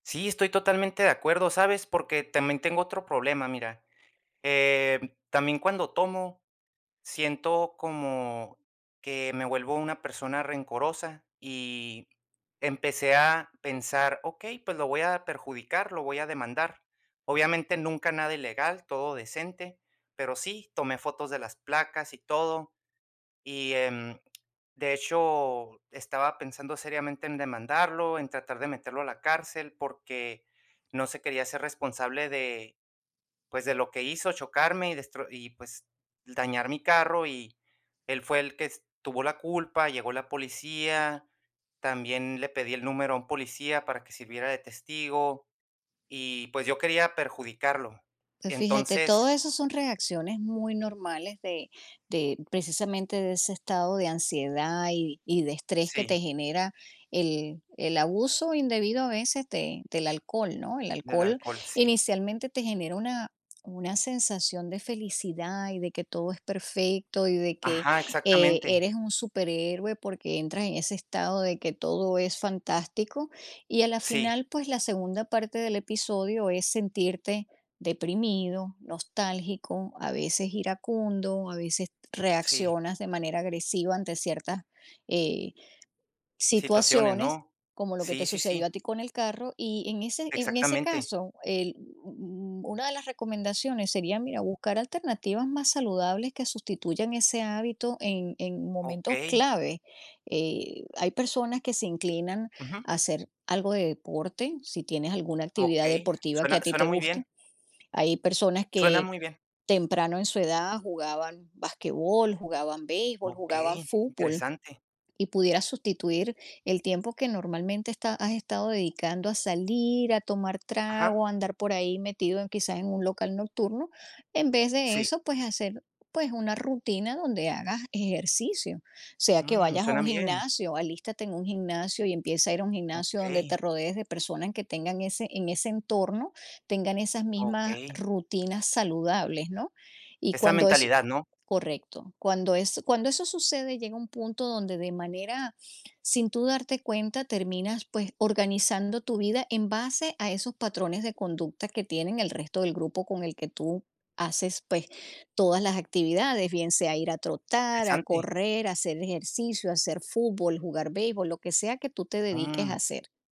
Sí, estoy totalmente de acuerdo, ¿sabes? Porque también tengo otro problema, mira. Eh, también cuando tomo, siento como que, me vuelvo una persona rencorosa y empecé a pensar, okey, pues lo voy a perjudicar, lo voy a demandar. Obviamente, nunca nada ilegal, todo decente, pero sí, tomé fotos de las placas y todo, y, em, de hecho, estaba pensando seriamente en demandarlo, en tratar de meterlo a la cárcel, porque no se quería hacer responsable de, pues, de lo que hizo, chocarme y destro y, pues dañar mi carro, y él fue el que es tuvo la culpa. Llegó la policía, también le pedí el número a un policía para que sirviera de testigo y, pues yo quería perjudicarlo. Pues fíjate, todo Entonces eso son reacciones muy normales de de, precisamente, de ese estado de ansiedad y y de estrés que te sí. genera el el abuso indebido a veces de del alcohol, ¿no? El Del alcohol alcohol, sí. inicialmente te genera una una sensación de felicidad y de que todo es perfecto y de que, Ajá, eh, exactamente. eres un superhéroe porque entras en ese estado de que todo es fantástico. Y a la Sí. final, pues la segunda parte del episodio es sentirte deprimido, nostálgico, a veces iracundo, a veces t Sí. reaccionas de manera agresiva ante ciertas, eh, Situaciones, situaciones, ¿no? como lo que te Sí, sí, sucedió a sí. ti con el carro. Y en ese en ese Exactamente. caso el u u una de las recomendaciones sería, mira, buscar alternativas más saludables que sustituyan ese hábito en en momentos Okey. clave. Eh, hay personas que se inclinan Ujú. a hacer algo de deporte, si tienes alguna actividad Okey, deportiva que suena a ti suena te muy bien. gusta. Hay personas Suena que muy bien. temprano en su edad jugaban basquetbol, jugaban béisbol, jugaban Okey, fútbol, interesante. y pudieras sustituir el tiempo que normalmente está has estado dedicando a salir, a tomar Ajá. trago, a andar por ahí metido en quizás en un local nocturno, en vez de Sí. eso, pues hacer, pues, una rutina donde hagas ejercicio, sea que Mm, vayas a un suenan bien. gimnasio, alístate en un gimnasio y empieza a ir a un gimnasio donde Okey. te rodees de personas que tengan ese, en ese entorno tengan esas mismas Okey. rutinas saludables, ¿no? Y Esa cuando es mentalidad, ¿no? correcto, cuando eso cuando eso sucede llega un punto donde de manera, sin tú darte cuenta terminas, pues, organizando tu vida en base a esos patrones de conducta que tienen el resto del grupo con el que tú haces, pues, todas las actividades, bien sea ir a trotar, a Interesante. correr, hacer ejercicio, hacer fútbol, jugar beisbol, lo que sea que tú te dediques Mm. a hacer.